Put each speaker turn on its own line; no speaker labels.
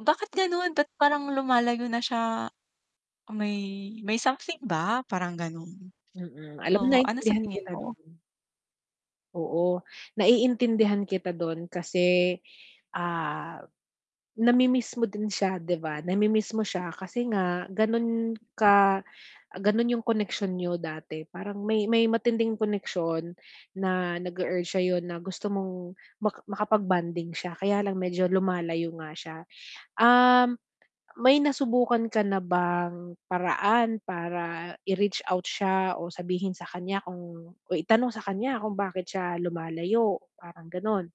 Bakit ganon, ba't parang lumalayo na siya? May may something ba? Parang gano'n.
Mm, alam mo,
Oo, ano sa
naintindihan
tingin
kita
mo?
dun. Oo, naiintindihan kita dun kasi, ah, namimiss mo din siya 'di ba? Namimiss mo siya kasi nga ganun ka, ganun yung connection niyo dati. Parang may may matinding koneksyon na nag-e-urge sa'yo na gusto mong ma makapag-bonding siya, kaya lang medyo lumalayo nga siya. Um, may nasubukan ka na bang paraan para i-reach out siya o sabihin sa kanya kung o itanong sa kanya kung bakit siya lumalayo, parang gano'n?